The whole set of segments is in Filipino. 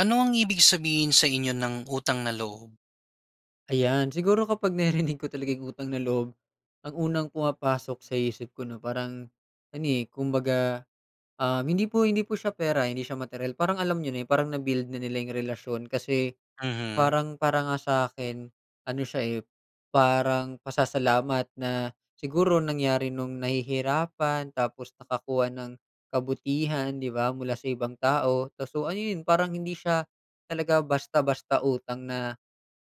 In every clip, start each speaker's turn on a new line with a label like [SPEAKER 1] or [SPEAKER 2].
[SPEAKER 1] Ano ang ibig sabihin sa inyo ng utang na loob?
[SPEAKER 2] Ayan siguro kapag naririnig ko talaga yung utang na loob ang unang pumapasok sa isip ko na parang ano, eh, kumbaga, ah, hindi po, hindi po siya pera, hindi siya materyal parang alam niyo na yung parang na-build na nila yung relasyon kasi
[SPEAKER 1] Mhm.
[SPEAKER 2] parang para nga sa akin ano siya, eh, parang pasasalamat na siguro nangyari nung nahihirapan tapos nakakuha ng kabutihan, 'di ba, mula sa ibang tao kaso ayon parang hindi siya talaga basta-basta utang na,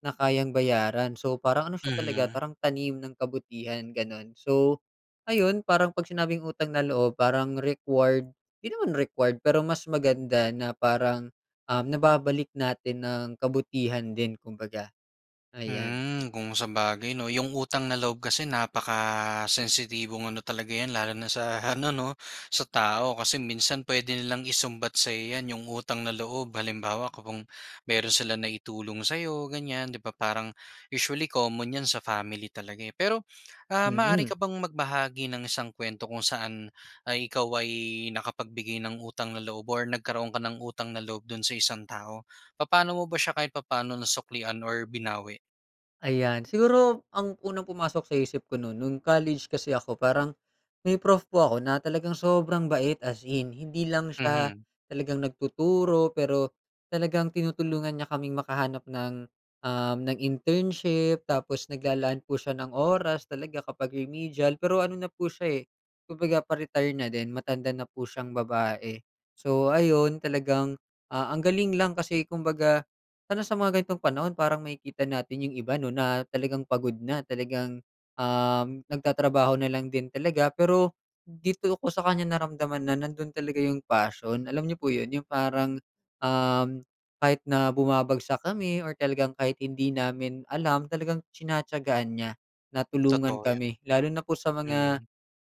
[SPEAKER 2] na kayang bayaran. So, parang ano siya talaga
[SPEAKER 1] Mhm.
[SPEAKER 2] parang tanim ng kabutihan ganon, so ayun parang pag sinabing utang na loob parang required di naman required pero mas maganda na parang, um, nababalik natin ng kabutihan din kumbaga, ayan.
[SPEAKER 1] Hmm, kung sabagay 'no? Yung utang na loob kasi napakasensitibong ano talaga 'yan lalo na sa ano 'no sa tao kasi minsan puwede nilang isumbat sa'yo 'yan, yung utang na loob. Halimbawa kung mayro'n sila naitulong sa 'yo ganyan 'di ba parang usually common 'yan sa family talaga, eh. Pero, ah, maaari
[SPEAKER 2] Mhm.
[SPEAKER 1] ka bang magbahagi ng isang kuwento kung saan ay ikaw ay nakapagbigay ng utang na loob or nagkaroon ka ng utang na loob do'n sa isang tao. Papaano mo ba siya kahit papaano nasuklian or binawi?
[SPEAKER 2] Ayan. Siguro ang unang pumasok sa isip ko no'n nung college kasi ako parang, may prof po ako na talagang sobrang bait, as in. Hindi lang siya
[SPEAKER 1] Mhm.
[SPEAKER 2] talagang nagtuturo pero talagang tinutulungan niya kaming makahanap ng, uhm, ng internship. Tapos, naglalaan po siya ng oras talaga kapag remedial. Pero ano na po siya, eh, kumbaga pa-retire na din. Matanda na po siyang babae. So ayun, talagang, ah, ang galing lang kasi kumbaga lalo na sa mga ganitong panahon parang makikita natin 'yung iba, 'no, na talagang pagod na talagang, uhm, nagtatrabaho na lang din talaga. Pero dito ko sa kanya naramdaman na nando'n talaga 'yung passion. Alam n'yo po yon, 'yung parang, uhm, kahit na bumabagsak kami or talagang kahit hindi namin alam, talagang tinatiyagaan niya na tulungan
[SPEAKER 1] Totoo yan.
[SPEAKER 2] kami, lalo na po sa mga,
[SPEAKER 1] Mm.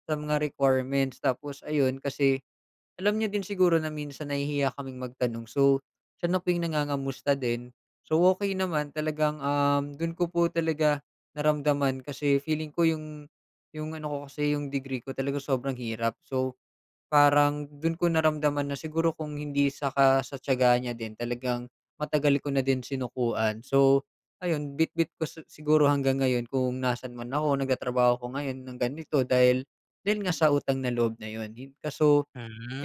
[SPEAKER 2] sa mga requirements. Tapos ayun kasi, alam niya din siguro na minsan nahihiya kaming magtanong so, siya na po 'yung nangangamusta din. So, okey naman talagang, uhm, do'n ko po talaga naramdaman kasi feeling ko 'yung 'yung ano ko kasi 'yung degree ko talaga sobrang hirap. So, parang do'n ko naramdaman na siguro kung hindi saka sa tiyaga niya din, talagang matagal ko na din sinukuan. So, ayun bitbit ko si siguro hanggang ngayon kung nasaan man ako. Nagtatrabaho ako ngayon ng ganito dahil dahil nga sa utang na loob na yon. Hin kaso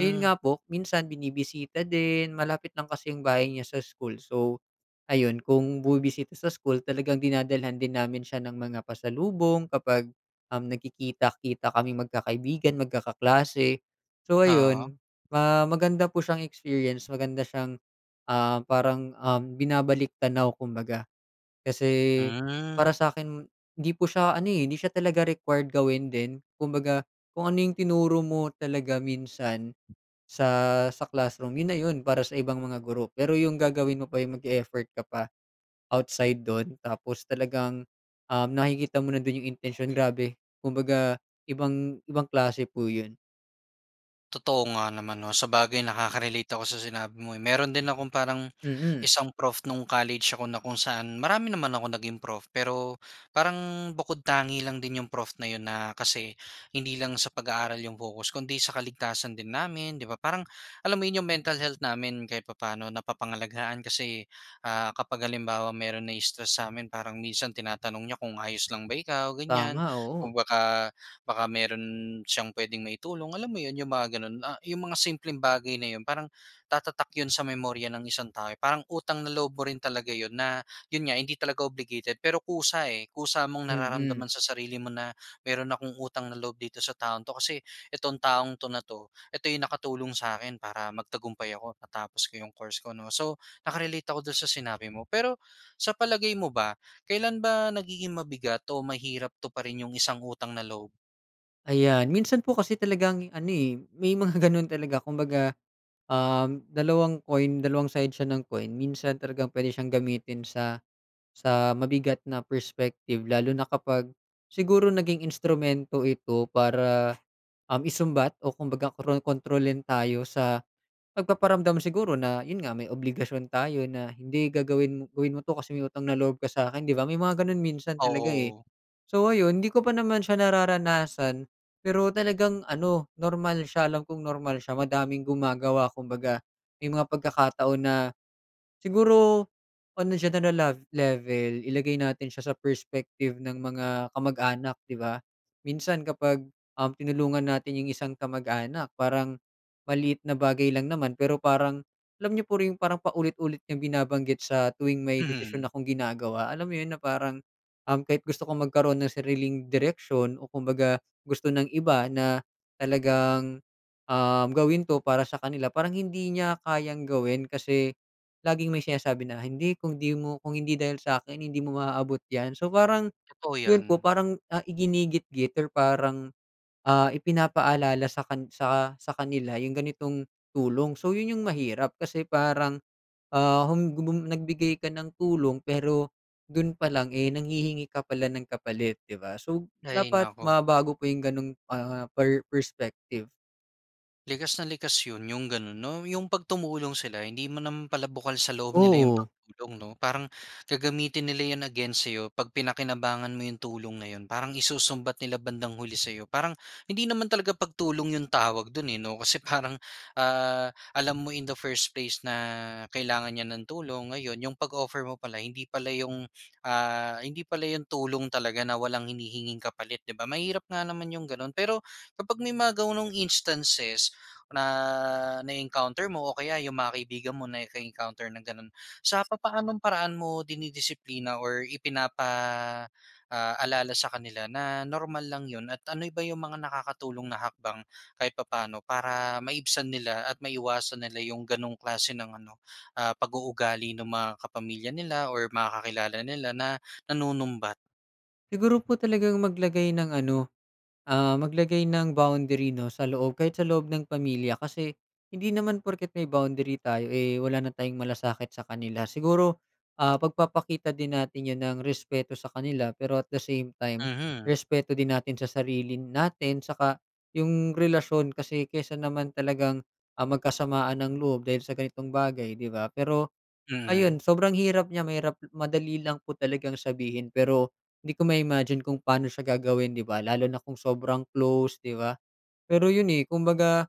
[SPEAKER 2] ayun nga po minsan binibisita din. Malapit lang kasi yung bahay niya sa school so, ayun kung bumibisita sa school, talagang dinadalhan din namin siya ng mga pasalubong kapag, uhm, nagkikita-kita kaming magkakaibigan, magkakaklase. So
[SPEAKER 1] Oo.
[SPEAKER 2] ayun, ah, maganda po siyang experience. Maganda siyang, ah, parang, uhm, binabalik-tanaw kumbaga. Kasi
[SPEAKER 1] Hmm.
[SPEAKER 2] para sa'kin, hindi po siya ano, eh, hindi siya talaga required gawin din. Kumbaga kung ano 'yung tinuro mo talaga minsan sa sa classroom, yon na yon para sa ibang mga guro. Pero 'yung gagawin mo pa 'yung mag-e-effort ka pa outside do'n tapos talagang, uhm, nakikita mo na din 'yung intensyon. Grabe! Kumbaga ibang ibang klase po 'yon.
[SPEAKER 1] Totoo nga naman 'no, sabagay nakaka-relate ako sa sinabi mo, eh. Mayro'n din akong parang
[SPEAKER 2] Mm.
[SPEAKER 1] isang prof nung college ako na kung saan marami naman akong naging prof, pero parang bukod tangi lang din yung prof na 'yon na kasi hindi lang sa pag-aaral yung focus kundi sa kaligtasan din namin 'di ba? Parang alam mo yung mental health namin kahit papa'no napapangalagaan kasi, ah, kapag halimbawa mayro'n na-i-stress sa'min parang minsan tinatanong niya kung, "ayos lang ba ikaw" ganyan,
[SPEAKER 2] Tama, oo.
[SPEAKER 1] kung baka baka mayro'n siyang puwedeng maitulong, alam mo 'yon? Yung mga gano'n, ah, yung mga simpleng bagay na 'yon parang tatatak 'yon sa memorya ng isang tao, eh, parang utang na loob mo rin talaga 'yon na, 'yon nga hindi talaga obligated pero kusa, eh, kusa mong
[SPEAKER 2] Mm.
[SPEAKER 1] nararamdaman sa sarili mo na mayro'n akong utang na loob dito sa taong 'to kasi itong taong 'to na 'to, ito yung nakatulong sa'kin para magtagumpay ako, matapos ko yung course ko 'no. So, naka-relate ako do'n sa sinabi mo, pero sa palagay mo ba kailan ba nagiging mabigat o mahirap tuparin yung isang utang na loob?
[SPEAKER 2] Ayan, minsan po kasi talagang ano, eh, may mga ganon talaga kumbaga, uhm, dalawang coin, dalawang side siya ng coin minsan talagang puwede siyang gamitin sa sa mabigat na perspective lalo na kapag siguro naging instrumento ito para, uhm, isumbat o kumbaga kron kontrolin tayo sa pagpaparamdam siguro na, yon nga may obligasyon tayo na hindi gagawin mo gawin mo 'to kasi may utang na loob ka sa'kin 'di ba? May mga gano'n minsan talaga, eh.
[SPEAKER 1] Oo.
[SPEAKER 2] So ayun, hindi ko pa naman siya nararanasan pero talagang ano normal siya, alam kung normal siya, madaming gumagawa kumbaga may mga pagkakataon na, siguro ano siya nalalag level ilagay natin siya sa perspective ng mga kamag-anak 'di ba, minsan kapag, uhm, tinulungan natin yung isang kamag-anak parang maliit na bagay lang naman pero parang alam n'yo po yon parang paulit-ulit niyang binabanggit sa tuwing may desisyon
[SPEAKER 1] Mhm.
[SPEAKER 2] akong ginagawa. Alam mo yon na parang, uhm, kahit gusto kong magkaro'n ng sariling direksyon o kumbaga gusto ng iba na talagang, uhm, gawin 'to para sa kanila parang hindi niya kayang gawin kasi laging may sinasabi na, "hindi kung di mo kung hindi dahil sa'kin hindi mo maaabot 'yan", so parang,
[SPEAKER 1] Totoo
[SPEAKER 2] yon po
[SPEAKER 1] 'yan.
[SPEAKER 2] parang, ah, iginigitgit or parang, ah, ipinapaalala sa kan sa sa kanila yung ganitong tulong. So, yon yung mahirap kasi parang, ah, hum gubum nagbigay ka ng tulong pero do'n pa lang, eh, nanghihingi ka pala ng kapalit 'di ba, so,
[SPEAKER 1] Hay
[SPEAKER 2] dapat
[SPEAKER 1] naku.
[SPEAKER 2] mabago po yung ganong, ah, per perspective.
[SPEAKER 1] Likas na likas 'yon, 'yong gano'n 'no? 'Yong 'pag tumulong sila hindi mo naman pala bukal sa loob nila 'yong
[SPEAKER 2] Oo.
[SPEAKER 1] pagtulong, 'no? Parang gagamitin nila 'yon against sa'yo 'pag pinakinabangan mo 'yong tulong na 'yon. Parang isusumbat nila bandang huli sa'yo. Parang hindi naman talaga pagtulong 'yong tawag do'n eh, 'no? Kasi parang, ah, alam mo in the first place na kailangan niya ng tulong, ngayon 'yong pag-offer mo pala, hindi pala 'yong ah, hindi pala 'yon tulong talaga na walang hinihinging kapalit, 'di ba? Mahirap nga naman 'yong gano'n. Pero kapag may mga gano'ng instances na na-encounter mo o kaya 'yong mga kaibigan mo naka-encounter ng gano'n, sa papaanong paraan mo dinidisiplina or ipinapa, ah, alala sa kanila na normal lang 'yon? At ano ba 'yong mga nakakatulong na hakbang kahit papano para maibsan nila at maiwasan nila 'yong gano'ng klase ng ano, ah, pag-uugali ng mga kapamilya nila or mga kakilala nila na nanunumbat?
[SPEAKER 2] Siguro po talagang maglagay ng ano, ah, maglagay ng boundary 'no, sa loob kahit sa loob ng pamilya. Kasi hindi naman porket may boundary tayo eh, wala na tayong malasakit sa kanila. Siguro, ah, pagpapakita din natin 'yon ng respeto sa kanila pero at the same time,
[SPEAKER 1] Mhm.
[SPEAKER 2] respeto din natin sa sarili natin. Tsaka 'yong relasyon kasi kaysa naman talagang, ah, magkasamaan ng loob dahil sa ganitong bagay, 'di ba? Pero ayan
[SPEAKER 1] Mm.
[SPEAKER 2] sobrang hirap niya mahirap madali lang po talagang sabihin pero hindi ko ma-imagine kung pa'no siya gagawin, 'di ba, lalo na kung sobrang close, 'di ba? Pero 'yon eh, kumbaga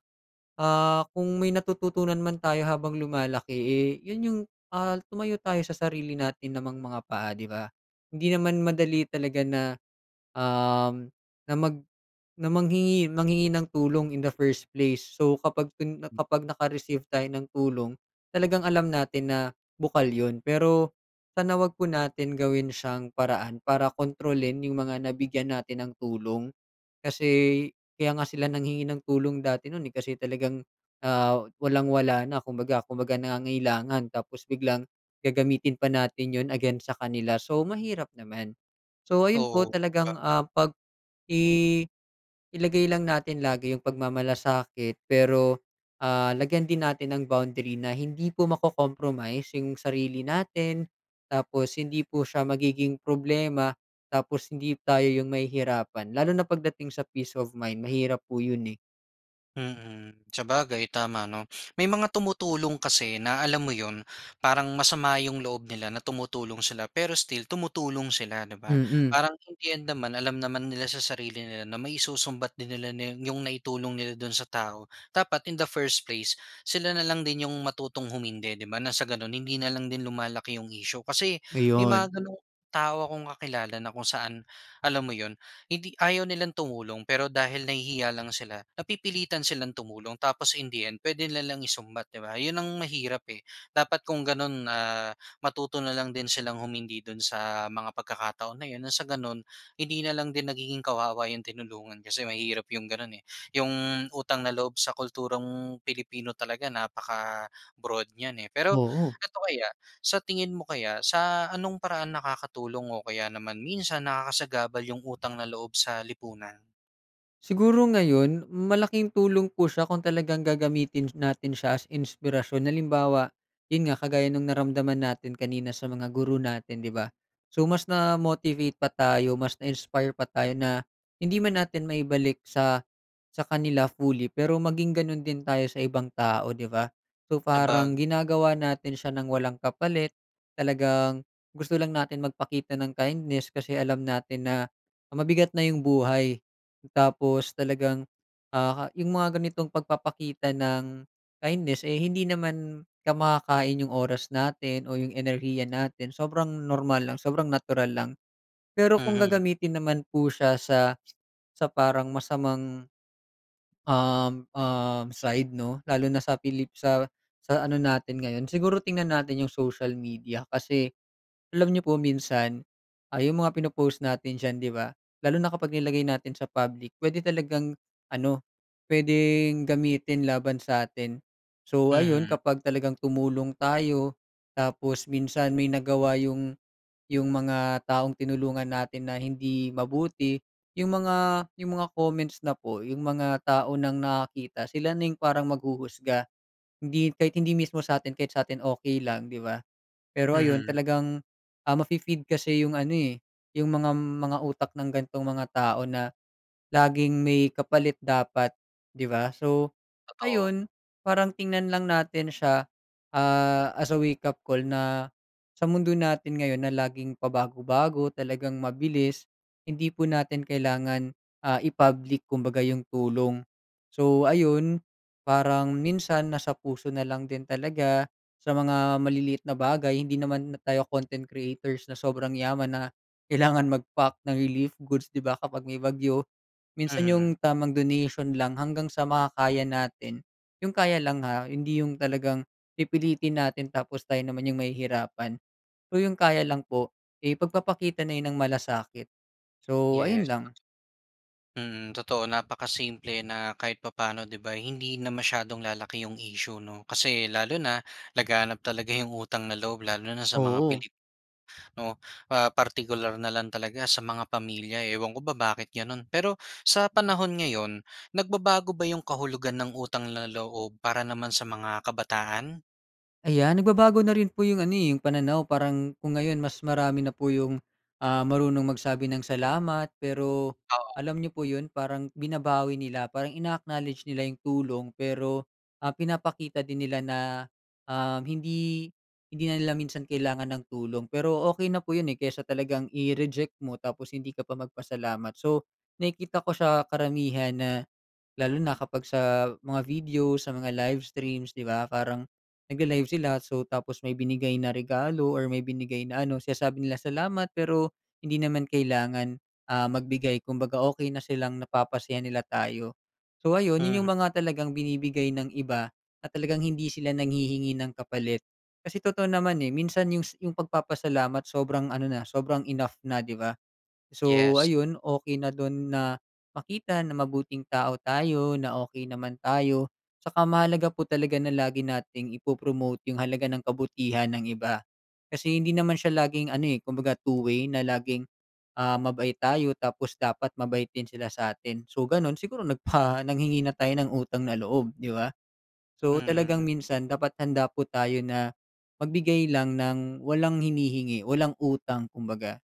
[SPEAKER 2] ah, kung may natututunan man tayo habang lumalaki eh, 'yon 'yong ah, tumayo tayo sa sarili natin namang mga paa, 'di ba? Hindi naman madali talaga na, um, na mag na manghingi manghingi ng tulong in the first place. So kapag ken kapag naka-receive tayo ng tulong, talagang alam natin na bukal 'yon. Pero sana huwag po natin gawin siyang paraan para kontrolin 'yong mga nabigyan natin ng tulong. Kasi kaya nga sila nanghingi ng tulong dati no'n eh, kasi talagang ah, walang-wala na kumbaga kumbaga nangangailangan, tapos biglang gagamitin pa natin 'yon against sa kanila, so mahirap naman. So ayun po
[SPEAKER 1] Oo. Ba?
[SPEAKER 2] talagang, ah, pag-i ilagay lang natin lagi 'yong pagmamalasakit pero, ah, lagyan din natin ng boundary na hindi po mako-compromise 'yong sarili natin. Tapos hindi po siya magiging problema, tapos hindi tayo 'yong mahihirapan. Lalo na pagdating sa peace of mind. Mahirap po 'yon eh.
[SPEAKER 1] Mhm, sabagay tama 'no. May mga tumutulong kasi na alam mo 'yon, parang masama 'yong loob nila na tumutulong sila pero still tumutulong sila, 'di ba?
[SPEAKER 2] Mm.
[SPEAKER 1] Parang in the end naman alam naman nila sa sarili nila na may isusumbat din nila na 'yong naitulong nila do'n sa tao. Dapat in the first place sila na lang din 'yong matutong humindi, 'di ba, ng sa gano'n hindi na lang din lumalaki 'yong issue. Kasi may
[SPEAKER 2] Ayun.
[SPEAKER 1] mga gano'ng tao akong kakilala na kung saan alam mo 'yon, hindi ayaw nilang tumulong pero dahil nahihiya lang sila, napipilitan silang tumulong tapos in the end puwede nilang isumbat 'di ba. 'Yon ang mahirap eh, dapat kung gano'n ah, matuto na lang din silang humindi do'n sa mga pagkakataon na 'yon ng sa gano'n hindi na lang din nagiging kawawa 'yong tinulungan. Kasi mahirap 'yong gano'n eh. 'Yong utang na loob sa kulturang Pilipino talaga napaka-broad niyan, eh. Pero
[SPEAKER 2] Oo.
[SPEAKER 1] eto kaya, sa tingin mo kaya, sa ano'ng paraan nakakatulong o kaya naman minsan nakakasagabal 'yong utang na loob sa lipunan?
[SPEAKER 2] Siguro ngayon malaking tulong po siya kung talagang gagamitin sh natin siya as inspirasyon. Halimbawa, 'yon nga kagaya no'ng naramdaman natin kanina sa mga guro natin 'di ba? So, mas na-motivate pa tayo mas na-inspire pa tayo na hindi man natin maibalik sa, sa kanila fully pero maging gano'n din tayo sa ibang tao, 'di ba? So parang
[SPEAKER 1] Sabagay.
[SPEAKER 2] ginagawa natin siya nang walang kapalit. Talagang gusto lang natin magpakita ng kindness, kasi alam natin na mabigat na 'yong buhay. Tapos talagang ah, 'yong mga ganitong pagpapakita ng kindness eh, hindi naman ka makakain 'yong oras natin o 'yong enerhiya natin sobrang normal lang sobrang natural lang. Pero kung
[SPEAKER 1] Mhm.
[SPEAKER 2] gagamitin naman po siya sa, sa parang masamang Uhm, uhm, side 'no lalo na sa Pilip sa, sa ano natin ngayon siguro tingnan natin 'yong social media. Kasi, alam niyo po minsan ay 'yong mga pino-post natin diyan, 'di ba, lalo na kapag nilagay natin sa public puwede talagang ano, puwedeng gamitin laban sa atin. So ayun
[SPEAKER 1] Mhm.
[SPEAKER 2] kapag talagang tumulong tayo, tapos minsan may nagawa 'yong 'yong mga taong tinulungan natin na hindi mabuti 'yong mga 'yong mga comments na po, 'yong mga tao nang nakakita sila na 'yong parang maghuhusga. Hindi kahit hindi mismo sa'tin kahit sa atin okey lang 'di ba. Pero ayon
[SPEAKER 1] Mhm.
[SPEAKER 2] talagang ah, mafe-feed kasi 'yong ano eh, 'yong mgam mga utak ng gantong mga tao na laging may kapalit dapat 'di ba? So
[SPEAKER 1] Totoo.
[SPEAKER 2] ayun parang tingnan lang natin siya ah as a wake-up call na, sa mundo natin ngayon na laging pabago-bago talagang mabilis. Hindi po natin kailangan ah, i-public kumbaga 'yong tulong. So, ayun parang minsan nasa puso na lang din talaga, sa mga maliliit na bagay hindi naman tayo content creators na sobrang yaman na kailangan mag-pack ng relief goods, 'di ba kapag may bagyo. Minsan
[SPEAKER 1] Mhm.
[SPEAKER 2] 'yong tamang donation lang hanggang sa makakaya natin. 'Yong kaya lang ha, hindi 'yong talagang pipilitin natin, tapos tayo naman 'yong mahihirapan, o 'yong kaya lang po, eh, pagpapakita na 'yon ng malasakit. So, ayun
[SPEAKER 1] Yes.
[SPEAKER 2] lang.
[SPEAKER 1] Mhm, totoo napakasimple na kahit papaano 'di ba hindi na masyadong lalaki 'yong issue, 'no. Kasi lalo na laganap talaga 'yong utang na loob lalo na sa mga
[SPEAKER 2] Oo.
[SPEAKER 1] Pilipino. Ah, partikular na lang talaga sa mga pamilya, ewan ko ba bakit gano'n? Pero sa panahon ngayon, nagbabago ba 'yong kahulugan ng utang na loob para naman sa mga kabataan?
[SPEAKER 2] Ayan nagbabago na rin po yung ano, eh, yung pananaw. Parang kung ngayon mas marami na po yung, ah, marunong magsabi ng salamat. Pero
[SPEAKER 1] Oo.
[SPEAKER 2] alam niyo po 'yon, parang binabawi nila. Parang ina-acknowledge nila yung tulong, pero, ah, pinapakita din nila na, um, hindi, hindi na nila minsan kailangan ng tulong. Pero okey na po 'yon, eh, kaysa talagang i-reject mo tapos hindi ka pa magpasalamat. So, nakikita ko siya karamihan na lalo na kapag sa mga video, sa mga live streams, 'di ba? Parang nagla-live sila, so tapos may binigay na regalo, or may binigay na ano. Sinasabi nila salamat, pero hindi naman kailangan, ah, magbigay kumbaga okey na silang napapasaya nila tayo. So, ayun, 'yon,
[SPEAKER 1] Hmm.
[SPEAKER 2] yung mga talagang binibigay ng iba na talagang hindi sila nanghihingi ng kapalit. Kasi totoo naman, eh, minsan yung sa yung pagpapasalamat sobrang ano na, sobrang enough na, 'di ba? So
[SPEAKER 1] Yes.
[SPEAKER 2] ayun, okey na do'n na makita na mabuting tao tayo na okey naman tayo. Tsaka mahalaga po talaga na lagi nating ipo-promote yung halaga ng kabutihan ng iba kasi hindi naman siya laging ano, eh, kumbaga two-way na laging, ah, mabait tayo tapos dapat mabait din sila sa'tin. So gano'n, siguro nagpa nanghingi na tayo ng utang na loob, 'di ba? So, talagang
[SPEAKER 1] Mhm.
[SPEAKER 2] minsan dapat handa po tayo na magbigay lang ng walang hinihingi, walang utang, kumbaga.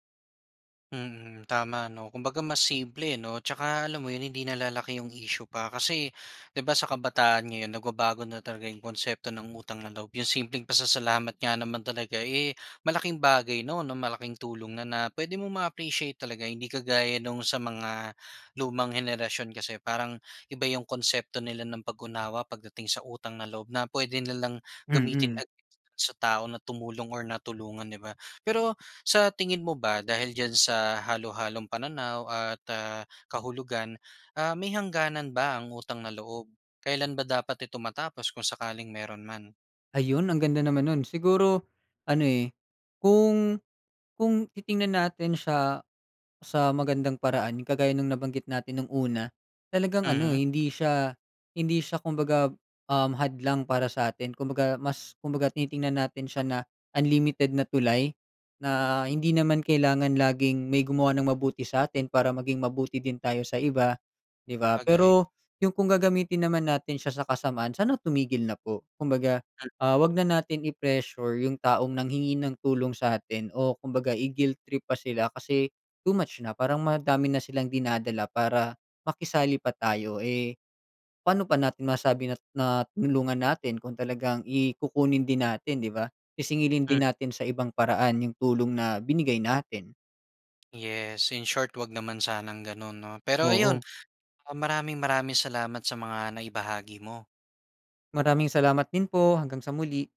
[SPEAKER 1] Mm, tama, 'no, kumbaga mas simple ano, 'tsaka alam mo 'yon hindi na lalaki yung issue pa kasi, 'di ba, sa kabataan ngayon nagbabago na talaga yung konsepto ng utang na loob yung simpleng pasasalamat nga naman talaga, eh, malaking bagay, 'no, na malaking tulong na na puwede mong ma-appreciate talaga. Hindi kagaya nung sa mga lumang henerasyon kasi parang iba yung konsepto nila ng pag-unawa pagdating sa utang na loob na puwede nilang gamitin
[SPEAKER 2] Mm.
[SPEAKER 1] ag sa tao na tumulong or natulungan, di ba? Pero sa tingin mo ba dahil diyan sa halo-halong pananaw at, ah, kahulugan, ah, may hangganan ba ang utang na loob? Kailan ba dapat ito matapos kung sakaling mayro'n man?
[SPEAKER 2] Ayun ang ganda naman no'n siguro ano, eh, kung kung titingnan natin siya sa magandang paraan yung kagaya ng nabanggit natin nung una, talagang ano
[SPEAKER 1] Mhm.
[SPEAKER 2] hindi siya, hindi siya kumbaga, uhm, hadlang para sa atin kumbaga mas kumbaga titingnan natin siya na unlimited na tulay na hindi naman kailangan laging may gumawa ng mabuti sa atin para maging mabuti din tayo sa iba, 'di ba?
[SPEAKER 1] Sabagay.
[SPEAKER 2] Pero yung kung gagamitin naman natin siya sa kasamaan sana tumigil na po. Kumbaga,
[SPEAKER 1] Hmm.
[SPEAKER 2] ah, huwag na natin i-pressure yung taong nanghingi ng tulong sa atin o kumbaga i-guilt trip pa sila kasi too much na parang madami na silang dinadala para makisali pa tayo, eh, paano pa natin masasabi na na tinulungan natin kung talagang i kukunin din natin, 'di ba? Sisingilin
[SPEAKER 1] Hmm.
[SPEAKER 2] din natin sa ibang paraan yung tulong na binigay natin.
[SPEAKER 1] Yes, in short huwag naman sanang gano'n, 'no? Pero ayun,
[SPEAKER 2] Oo.
[SPEAKER 1] maraming maraming salamat sa mga nai-bahagi mo.
[SPEAKER 2] Maraming salamat din po, hanggang sa muli.